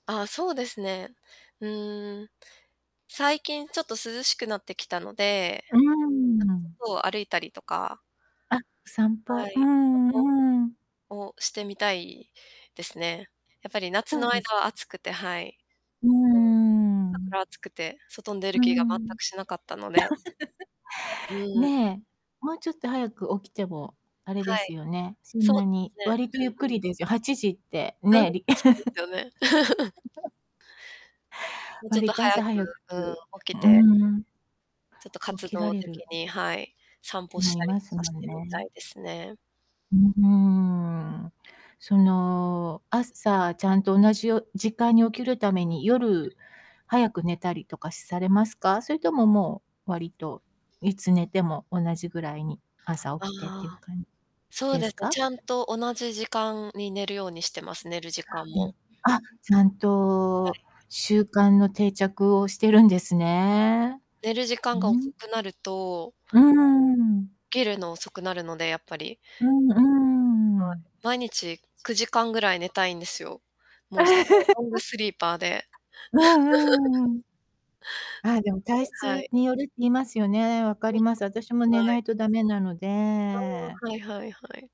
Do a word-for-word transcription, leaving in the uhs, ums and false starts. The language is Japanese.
ああ、そうですね。うーん。最近ちょっと涼しくなってきたので、うーん。とを歩いたりとかあ、散は歩。うい。散ん歩うん。をしてみたいですね。やっぱり夏そうのです。間は暑くて、はい。うー [unintelligible] 朝ん。から暑くて外に出るう気が全ん。くしなかったので。う ん。ねえ。もうちょっと早く起きても、あれではすい。よね。そんそうなでにすね。割とゆっうくんうん。りですよ。はちじって、うん。ね、り。そうですよね。もうちょっ割とと早朝く、早く、うん、起うきてん。ちょっと活起きら動れる的に、はい、散歩し思いたりますとかもしんてみたね。いですね。ううーん。その、朝ちゃんと同じよ時間に起きるために、夜早く寝たりとかされますか？それとも、もう割と、いつ寝ても同じぐらいに、朝あ起きてっていうあ。感そうでですすね、か？ちゃんと同じ時間に寝るようにしてます、寝る時間も。あ、ちゃんはとい。習慣の定着をしてるんですね。寝る時う間が遅ん。くなるとうーん。起きるの遅くなるので、やっぱり。うんうはい、ん。毎日くじかんぐらい寝たいんですよ。もうすごいロング スリーパーで。う んうーん。ああ、でも体 [unintelligible] は質い。によるって言いますよね。分かうんります、私も [unintelligible] 寝はない。いと駄目なのあで。あ、はいはいはい。